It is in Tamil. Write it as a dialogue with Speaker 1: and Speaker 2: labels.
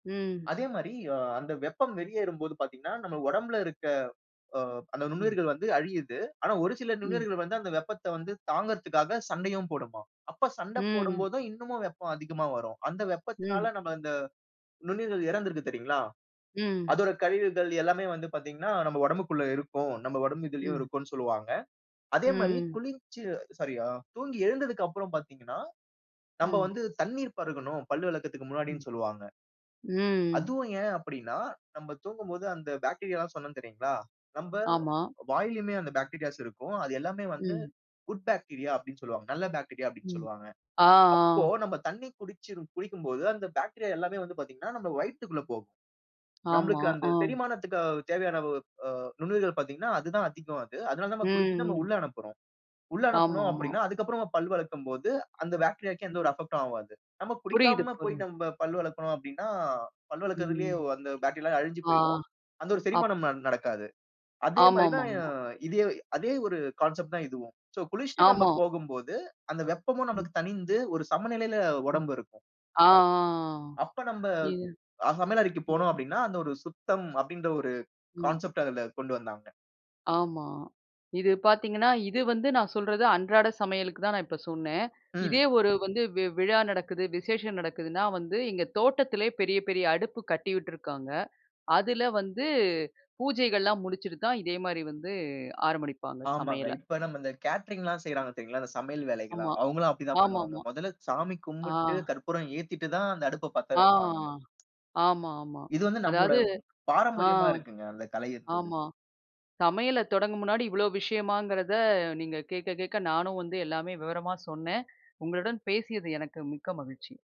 Speaker 1: ம்
Speaker 2: அதே மாதிரி, அ அந்த வெப்பம் வெளியேறும் போது பாத்தீங்கன்னா, நம்ப உடம்பில இருக்க அ அந்த
Speaker 1: ம்.
Speaker 2: நுண்ணுயிர்கள் வந்து அழியுது. ஆனா, ஒரு சில
Speaker 1: ம்.
Speaker 2: நுண்ணுயிர்கள் வந்து அந்த வெப்பத்தை வந்து தாங்குறதுக்காக சண்டையும் போடுமாம். அப்ப, சண்டை போடும்
Speaker 1: ம்.
Speaker 2: போதும், இன்னமும் வெப்பம் அதிகமா வரும். அந்த வெப்பத்தினால
Speaker 1: ம்.
Speaker 2: நாம இந்த நுண்ணுயிர்கள் இறந்து இருக்கு தெரிங்களா?
Speaker 1: ம்.
Speaker 2: அதோட கழிவுகள் எல்லாமே வந்து பாத்தீங்கன்னா, நம்ப உடம்புக்குள்ள இருக்கும். நம்ப உடம்பு இதிலயும்
Speaker 1: ம்.
Speaker 2: இருக்கும்ன்னு சொல்லுவங்க. அதே மாரி,
Speaker 1: ம்.
Speaker 2: குளிர்ச்சு அ சாரி, தூங்கி எழுந்ததற்கு அப்புறம் பாத்தீங்கன்னா, நம்ப
Speaker 1: ம்.
Speaker 2: வந்து தண்ணீர் பருகனும், பல்லு விளக்கத்திற்கு
Speaker 1: ம்.
Speaker 2: முன்னாடின்னு சொல்வாங்க.
Speaker 1: ம்.
Speaker 2: அதுவும் ஏன் அப்படின்னா, நம்ம தூங்கும்போது அந்த பாக்டீரியால்லாம் சொன்னோ தெரியுங்களா? நம்ப
Speaker 1: ஆமா.
Speaker 2: வாயிலயுமே அந்த பாக்டீரியாஸ் இருக்கும். அது எல்லாமே வந்து
Speaker 1: ம்.
Speaker 2: குட் பாக்டீரியா அப்படின்னு சொல்வாங்க. நல்ல பாக்டீரியா அப்படின்னு
Speaker 1: ம்,
Speaker 2: சொல்வாங்க.
Speaker 1: ஆ,
Speaker 2: அப்போ,
Speaker 1: அ.
Speaker 2: நம்ம தண்ணீ குடிச்சு குடிக்கும் போது, அந்த பாக்டீரியா எல்லாமே வந்து பாத்தீங்கன்னா, நம்ப வயித்துக்குள்ள போகும்.
Speaker 1: ஆமா,
Speaker 2: நம்மளுக்கு அந்த
Speaker 1: அ.
Speaker 2: செரிமானத்திற்கு தேவையான அ நுண்ணுயிர்கள் பாத்தீங்கன்னா, அது தான் அதிகம் அது. அதனால, நாம குடிச்சு
Speaker 1: ம்.
Speaker 2: நாம
Speaker 1: ம்.
Speaker 2: உள்ள அனுப்புறோம். உள்ள அனுப்புனோம்
Speaker 1: ஆமாமா.
Speaker 2: அப்படின்னா, அதற்கு அப்புறம் பல் விளக்கும் போது, அந்த பாக்டீரியாவுக்கு எந்த ஒரு அஃபெக்ட் உம் ஆகாது. நாம்
Speaker 1: புரியுது.
Speaker 2: குடிக்காம போய்
Speaker 1: [unintelligible]
Speaker 2: நாம பல் விளக்குறோம் அப்படின்னா, பல் விளக்குறதிலேயே
Speaker 1: ம்.
Speaker 2: அந்த பாக்டீரியா அழிஞ்சு
Speaker 1: ஆ,
Speaker 2: போயிடும். அந்த ஒரு
Speaker 1: அப்
Speaker 2: செரிமானம் ந நடக்காது. அதே மாரி
Speaker 1: ஆமாமா,
Speaker 2: தான், அ
Speaker 1: ஆமா.
Speaker 2: இதே அதே ஒரு கான்செப்ட் தான் இதுவும். சோ, குளிச்சிட்டு நம்ப
Speaker 1: ஆமா.
Speaker 2: போகும்போது, அந்த வெப்பமும்
Speaker 1: ம்.
Speaker 2: நமக்கு தணிந்து, ஒரு சமநிலையில
Speaker 1: அ,
Speaker 2: உடம்பு இருக்கும்.
Speaker 1: அ, ஆ.
Speaker 2: அப்ப நம்ப
Speaker 1: இ
Speaker 2: சமையல் அறைக்கு போனோம் அப்படின்னா, அந்த ஒரு சுத்தம் அப்படின்ற ஒரு
Speaker 1: ம்.
Speaker 2: கான்செப்ட் அதில கொண்டு வந்தாங்க.
Speaker 1: ஆமா. இது பாத்தீங்கன்னா, இது வந்து நான் சொல்றது அன்றாட சமையலுக்கு தான். நான் இப்போ சொன்னேன். இதே
Speaker 2: ம்.
Speaker 1: ஒரு வந்து வி விழா நடக்குது, விசேஷம் நடக்குதுன்னா வந்து, இங்கே தோட்டத்திலேயே பெரிய பெரிய அடுப்பு கட்டி விட்டுருக்காங்க. அதில வந்து பூஜைகள்லாம் முடிச்சிட்டு தான், இதே மாரி வந்து ஆரம்பிப்பாங்க
Speaker 2: ஆமாங்க.
Speaker 1: சமையல.
Speaker 2: இப்ப நம்ம இந்த கேட்டரிங்லாம் செய்றாங்க தெரியுங்களா, அந்த சமையல்
Speaker 1: ஆமா,
Speaker 2: வேலைகள்லாம் அவங்கள்லாம் அப்படி தான் பண்ணுவாங்க.
Speaker 1: ஆமாமா.
Speaker 2: முதல சாமி
Speaker 1: ஆ
Speaker 2: கும்பிட்டு, கற்பூரம் ஏத்திட்டு தான் அந்த அடுப்ப பத்த
Speaker 1: ஆ,
Speaker 2: வைப்பாங்க.
Speaker 1: ஆமாமா.
Speaker 2: இது வந்து
Speaker 1: அதாவது
Speaker 2: நம்முடைய
Speaker 1: ஆ
Speaker 2: பாரம்பரியமா இருக்குங்க. அந்த கலை இருந்தது.
Speaker 1: ஆமா, சமையலை தொடங்கும் முன்னாடி இவ்வளோ விஷயமாங்கிறத நீங்க கேட்க கேட்க, நானும் வந்து எல்லாமே விவரமா சொன்னேன். உங்களுடன் பேசியது எனக்கு மிக்க மகிழ்ச்சி.